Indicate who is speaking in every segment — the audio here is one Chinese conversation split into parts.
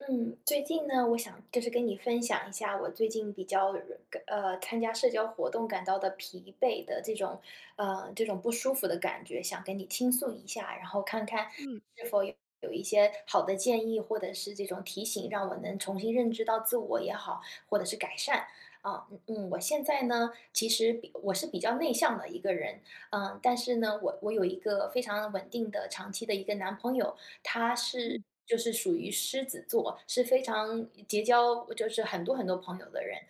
Speaker 1: 嗯，最近呢，我想就是跟你分享一下我最近比较，呃，个呃，参加社交活动感到的疲惫的这种呃，这种不舒服的感觉想跟你倾诉一下。然后看看
Speaker 2: 嗯。
Speaker 1: 是否有一些好的建议或者是这种提醒让我能重新认识到自我也好，或者是改善。啊，嗯嗯，我现在呢，其实比我是比较内向的一个人，呃，但是呢，我我有一个非常稳定的长期的一个男朋友，他是
Speaker 2: 嗯。
Speaker 1: 就是属于狮子座，是非常结交就是很多很多朋友的人，呃，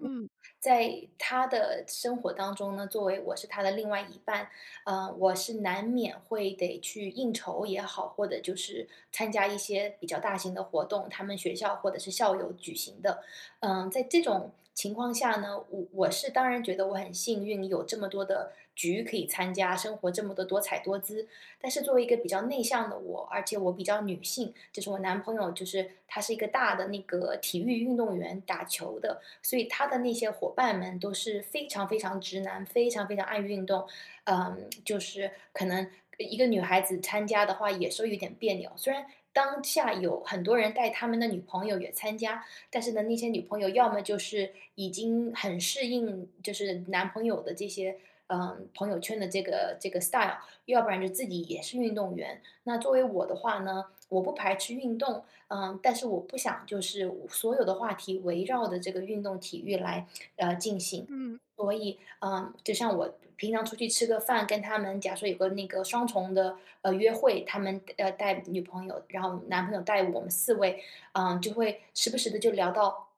Speaker 2: 嗯。
Speaker 1: 在他的生活当中呢，作为我是他的另外一半，呃，我是难免会得去应酬也好，或者就是参加一些比较大型的活动，他们学校或者是校友举行的。呃，在这种情况下呢，我我是当然觉得我很幸运，有这么多的局可以参加，生活这么的多彩多姿，但是作为一个比较内向的我，而且我比较女性，就是我男朋友，就是他是一个大的那个体育运动员，打球的，所以他的那些伙伴们都是非常非常直男，非常非常爱运动。呃 就是可能一个女孩子参加的话也是有点别扭。虽然当下有很多人带她们的女朋友也参加，但是呢，那些女朋友要么就是已经很适应，就是男朋友的这些，呃，朋友圈的这个这个 style，要不然就自己也是运动员。那作为我的话呢，我不排斥运动，呃，但是我不想就是我所有的话题围绕着这个运动体育来，呃，进行。
Speaker 2: 嗯。
Speaker 1: 所以，呃，就像我平常出去吃个饭，跟他们假说有个那个双重的，呃，约会，他们要带女朋友，然后男朋友带我们4位，呃，就会时不时地就聊到，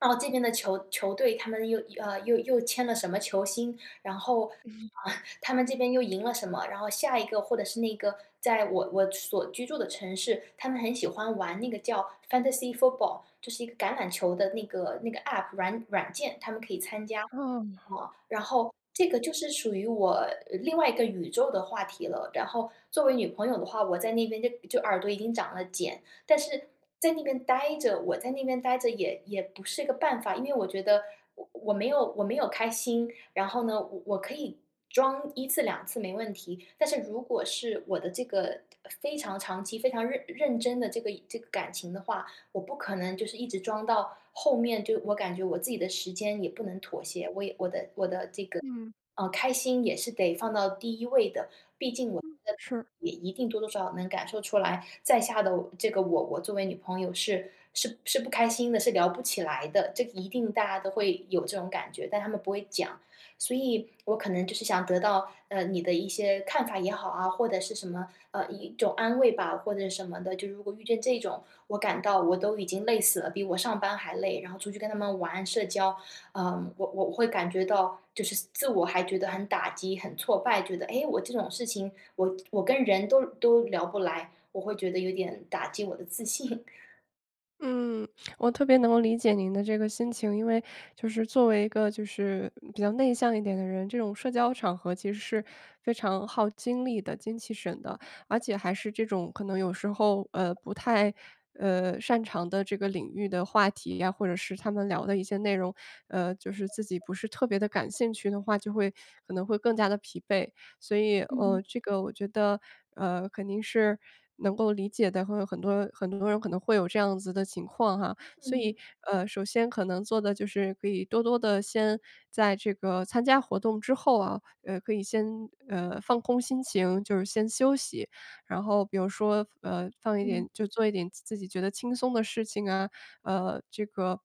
Speaker 1: 哦，这边的球球队他们又呃，又又签了什么球星，然后，
Speaker 2: 嗯。
Speaker 1: 他们这边又赢了什么？然后下一个或者是那个在我我所居住的城市，他们很喜欢玩那个叫就是 fantacy football，就是一个橄榄球的那个那个 APP 软软件他们可以参加。
Speaker 2: 哦。
Speaker 1: 呃，然后，这个就是属于我另外一个宇宙的话题了。然后作为女朋友的话，我在那边就就耳朵已经长了茧，但是在那边呆着我在那边呆着也也不是个办法，因为我觉得我我没有我没有开心，然后呢，我我可以装1次2次没问题，但是如果是我的这个非常长期、非常认认真的这个这个感情的话，我不可能就是一直装到后面，就我感觉我自己的时间也不能妥协，我也我的我的这个，
Speaker 2: 嗯。
Speaker 1: 呃，开心也是得放到第1位的，毕竟我 [unintelligible] 的
Speaker 2: 嗯，是。
Speaker 1: 也一定多多少少能感受出来在下的我这个我我作为女朋友是是是不开心的，是聊不起来的。这个一定大家都会有这种感觉，但他们不会讲。所以我可能就是想得到，呃，你的一些看法也好啊，或者是什么，呃，一种安慰吧，或者什么的，就如果遇见这种，我感到我都已经累死了，比我上班还累，然后出去跟他们玩社交，呃，我我会感觉到就是自我还觉得很打击、很挫败。觉得：诶，我这种事情我，我跟人都都聊不来。我会觉得有点打击我的自信。
Speaker 2: 嗯，我特别能够理解您的这个心情，因为就是作为一个就是比较内向一点的人，这种社交场合其实是非常耗精力的精气神的。而且还是这种可能有时候，呃，不太，呃，擅长的这个领域的话题呀，或者是他们聊的一些内容，呃，就是自己不是特别地感兴趣的话，就会可能会更加地疲惫。所以呃，
Speaker 1: 嗯。
Speaker 2: 这个我觉得，呃，肯定是能够理解的，会有很多很多人可能会有这样子的情况哈。所以
Speaker 1: 嗯。
Speaker 2: 呃，首先可能做的就是，可以多多地先在这个参加活动之后啊呃，可以先呃，放空心情，就是先休息。然后比如说，呃，放一点
Speaker 1: 嗯。
Speaker 2: 就做一点自己觉得轻松的事情啊，呃，这个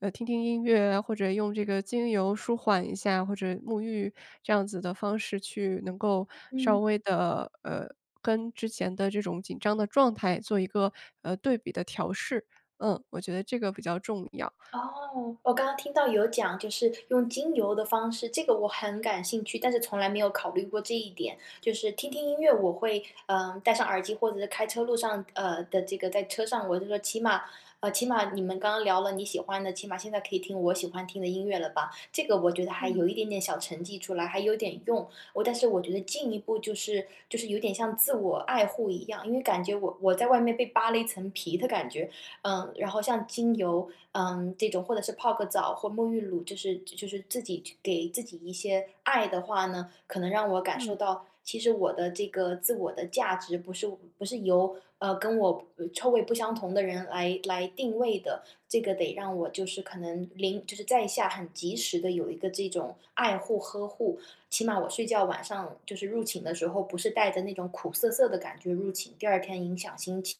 Speaker 2: 呃，听听音乐啊，或者用这个精油舒缓一下，或者沐浴这样子的方式去能够稍
Speaker 1: 嗯。
Speaker 2: 微地呃，跟之前的这种紧张的状态做一个，呃，对比的调试。嗯，我觉得这个比较重要。
Speaker 1: 哦，我刚刚听到有讲就是用精油的方式，这个我很感兴趣，但是从来没有考虑过这一点。就是听听音乐我会，呃，戴上耳机或者是开车路上呃，的这个在车上我就说起码呃，起码你们刚刚聊了你喜欢的，起码现在可以听我喜欢听的音乐了吧。这个我觉得还
Speaker 2: 嗯。
Speaker 1: 有一点点小成绩出来，还有点用，我但是我觉得进一步就是，就是有点像自我爱护一样，因为感觉我我在外面被扒了一层皮的感觉。呃，然后像精油，呃，这种或者是泡个澡或沐浴乳，就是就是自己给自己一些爱的话呢，可能让我感受
Speaker 2: 嗯。
Speaker 1: 到，其实我的这个自我的价值不是不是由，呃，跟我臭味不相同的人来来定位的。这个得让我就是可能临就是在下很及时地有一个这种爱护、呵护。起码我睡觉晚上就是入寝的时候，不是带着那种苦涩涩的感觉入寝，第2天影响心情。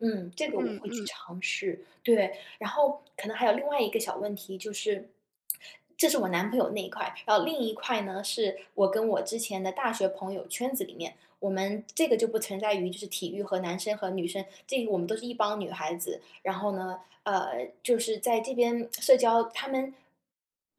Speaker 1: 嗯，这个我
Speaker 2: 嗯
Speaker 1: 会去
Speaker 2: 嗯。
Speaker 1: 尝试。对，然后可能还有另外一个小问题，就是这是我男朋友那一块，然后另一块呢，是我跟我之前的大学朋友圈子里面，我们这个就不存在于就是体育和男生和女生，这个我们都是一帮女孩子。然后呢呃，就是在这边 社交，她们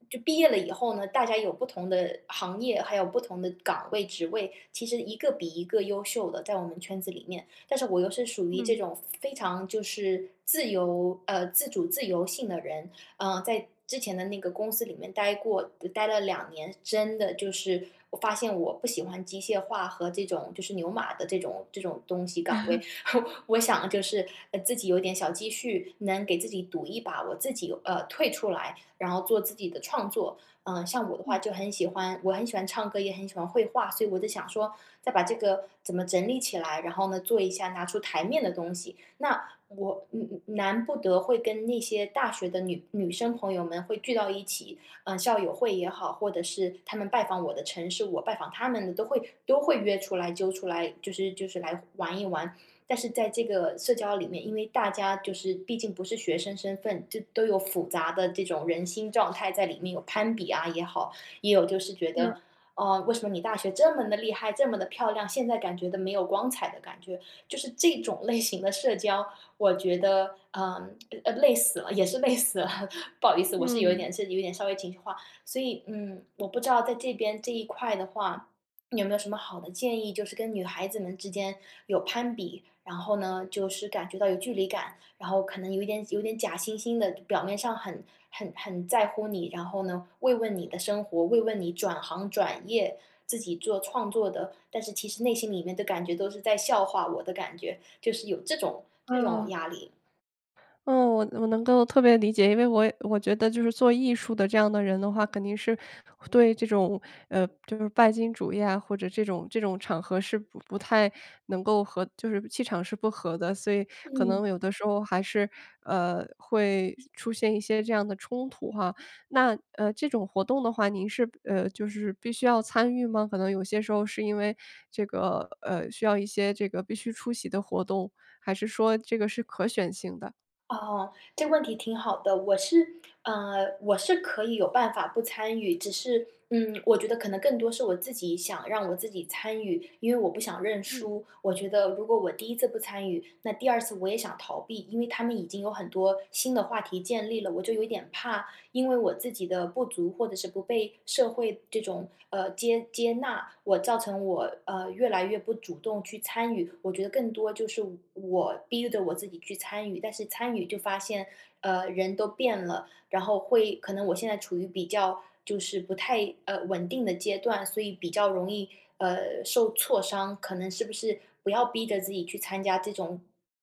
Speaker 1: 就毕业了以后呢，大家有不同的行业，还有不同的岗位职位，其实一个比一个优秀的，在我们圈子里面。但是我又是属于这
Speaker 2: 嗯。
Speaker 1: 种非常就是自由呃，自主自由性的人呃，在之前的那个公司里面待过待了2年，真的就是我发现我不喜欢机械化和这种就是牛马的这种这种东西岗位。我想就是，呃，自己有点小积蓄，能给自己赌一把我自己呃，退出来，然后做自己的创作。呃，像我的话
Speaker 2: 嗯。
Speaker 1: 就很喜欢我很喜欢唱歌，也很喜欢绘画，所以我就想说，再把这个怎么整理起来，然后呢，做一下拿出台面的东西。那我嗯嗯，难不得会跟那些大学的女女生朋友们会聚到一起呃，校友会也好，或者是她们拜访我的城市，我拜访她们的都会都会约出来，揪出来，就是就是来玩一玩。但是在这个社交里面，因为大家就是毕竟不是学生身份，这都有复杂的这种人心状态在里面，有攀比啊也好，也有就是觉
Speaker 2: 是。
Speaker 1: 得呃，为什么你大学这么地厉害，这么地漂亮，现在感觉都没有光彩的感觉，就是这种类型的社交，我觉得，呃呃，累死了，也是累死了。不好意思，我是有一
Speaker 2: 嗯。
Speaker 1: 点是有点稍微情绪化。所以嗯，我不知道在这边这一块的话，有没有什么好的建议，就是跟女孩子们之间有攀比，然后呢，就是感觉到有距离感，然后可能有一点有点假惺惺的，表面上很很很在乎你，然后呢，慰问你的生活，慰问你转行、转业，自己做创作的但是其实内心里面的感觉都是在笑话我的感觉，就是有这种这种
Speaker 2: 哦。
Speaker 1: 压力。
Speaker 2: 呃，我我能够特别理解，因为我我觉得就是做艺术的这样的人的话肯定是，对这种，呃，就是拜金主义啊，或者这种这种场合是不不太能够和就是气场是不和的，所以可
Speaker 1: 嗯。
Speaker 2: 能有的时候还是，呃，会出现一些这样的冲突哈。那呃，这种活动的话您是呃，就是必须要参与吗？可能有些时候是因为这个呃，需要一些这个必须出席的活动，还是说这个是可选性的？
Speaker 1: 哦，这个问题挺好的。我是呃，我是可以有办法不参与。只是，嗯，我觉得可能更多是我自己，想让我自己参与，因为我不想认
Speaker 2: 对。
Speaker 1: 输。我觉得如果我第1次不参与，那第2次我也想逃避。因为他们已经有很多新的话题建立了，我就有点怕，因为我自己的不足，或者是不被社会这种呃，接接纳，我造成我，呃，越来越不主动去参与。我觉得更多就是我我逼着我自己去参与，但是参与就发现，呃，人都变了，然后会可能我现在处于比较就是不太，呃，稳定的阶段，所以比较容易，呃，受挫伤。可能是不是，不要逼着自己去参加这种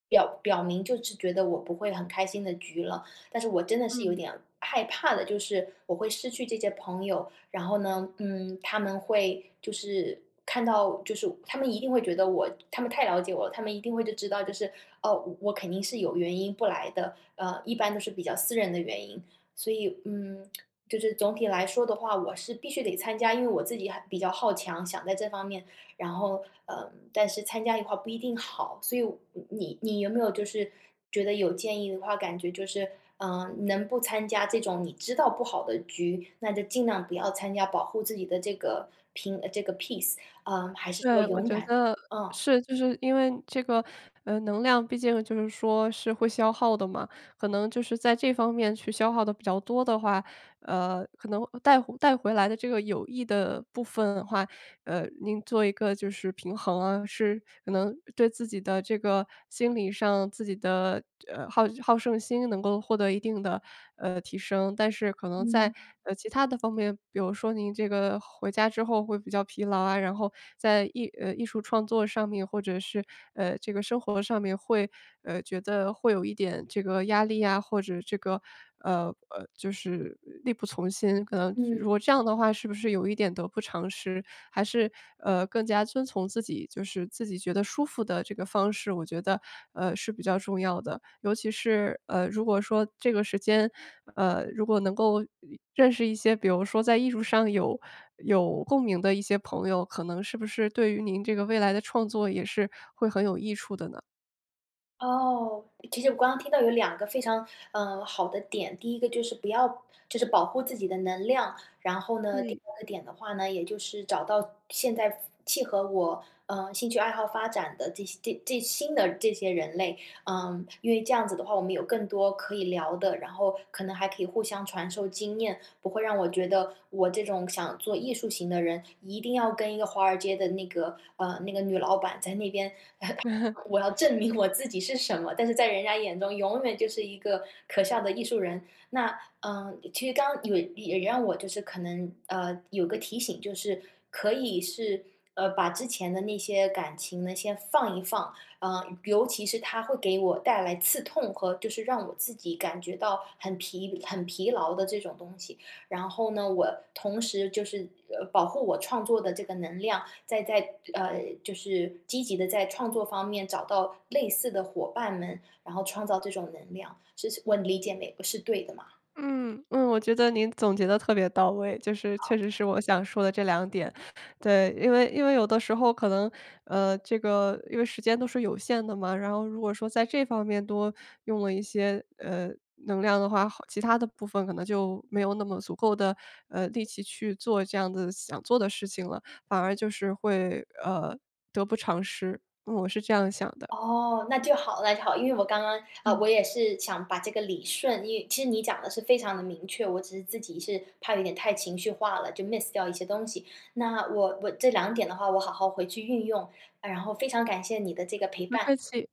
Speaker 1: 表表明，就是觉得我不会很开心的局了。但是我真的是有
Speaker 2: 嗯。
Speaker 1: 点害怕的，就是，我会失去这些朋友。然后呢，嗯，他们会就是看到就是他们一定会觉得我他们太了解我，他们一定会就知道就是，哦，我我肯定是有原因不来的，呃，一般都是比较私人的原因。所以，嗯，就是总体来说的话，我是必须得参加，因为我自己还比较好强，想在这方面然后，呃，但是参加一块不一定好。所以，我你你你有没有就是觉得有建议的话，感觉就是呃，能不参加这种你知道不好的局，那就尽量不要参加，保护自己的这个平呃，这个 peace，呃，还是说
Speaker 2: 对，我
Speaker 1: 勇
Speaker 2: 觉
Speaker 1: 敢？
Speaker 2: 得
Speaker 1: 嗯。
Speaker 2: 是，就是因为这个，呃，能量毕竟就是说，是会消耗的嘛。可能就是在这方面去消耗得比较多的话，呃，可能，呃，带带回来的这个有益的部分的话，呃，您做一个就是平衡啊。是可能对自己的这个心理上，自己的，呃，好好胜心能够获得一定的，呃，提升。但是可能在，
Speaker 1: 嗯。
Speaker 2: 呃，其他的方面，比如说，您这个回家之后会比较疲劳啊，然后在艺呃，艺术创作上面，或者是，呃，这个生活上面，会呃，觉得会有一点这个压力呀，或者这个呃，呃，就是力不从心。可能如
Speaker 1: 嗯。
Speaker 2: 果这样的话，是不是有一点得不偿失？还是，呃，更加遵从自己，就是自己觉得舒服的这个方式，我觉得，呃，是比较重要的。尤其是，呃，如果说这个时间，呃，如果能够一认识一些，比如说在艺术上有有共鸣的一些朋友，可能是不是对于您这个未来的创作，也是会很有益处的呢？
Speaker 1: 哦，其实我刚刚听到有2个非常，呃，好的点，第1个就是不要就是保护自己的能量，然后呢，第
Speaker 2: 嗯。
Speaker 1: 2个点的话呢，也就是找到现在符契合我，呃，兴趣爱好发展的这些这这新的这些人类，呃，因为这样子的话，我们有更多可以聊的，然后可能还可以互相传授经验，不会让我觉得我这种想做艺术型的人，一定要跟一个华尔街的那个，呃，那个女老板在那边，我要 证明我自己是什么，但是在人家眼中永远就是一个可笑的艺术人。那，呃，其实刚也也让我就是可能呃，有个提醒就是可以是，呃，把之前的那些感情呢先放一放，呃，尤其是它会给我带来刺痛和就是让我自己感觉到很疲很疲劳的这种东西，然后呢，我同时就是，呃，保护我创作的这个能量，再在呃，就是积极地在创作方面找到类似的伙伴们，然后创造这种能量，是是我理解没？我是对的嘛？
Speaker 2: 嗯嗯。我觉得您总结的特别到位就是
Speaker 1: 好。
Speaker 2: 确实是我想说的这两点，对。因为因为有的时候可能，呃这个因为时间都是有限的嘛，然后如果说在这方面多用了一些，呃，能量的话，其它的部分可能就没有那么足够的，呃，力气去做这样子的想做的事情了，反而就是会，呃，得不偿失。呃，我是这样想的。
Speaker 1: 哦，那就好那就好，因为我刚刚，呃，
Speaker 2: 嗯。
Speaker 1: 我也是想把这个理顺，因为其实你讲的是非常地明确，我只是自己是怕有点太情绪化了，就 miss 掉一些东西。那我我这两点的话我好好回去运用，然后非常感谢你的这个陪
Speaker 2: 不
Speaker 1: 伴。
Speaker 2: 客气。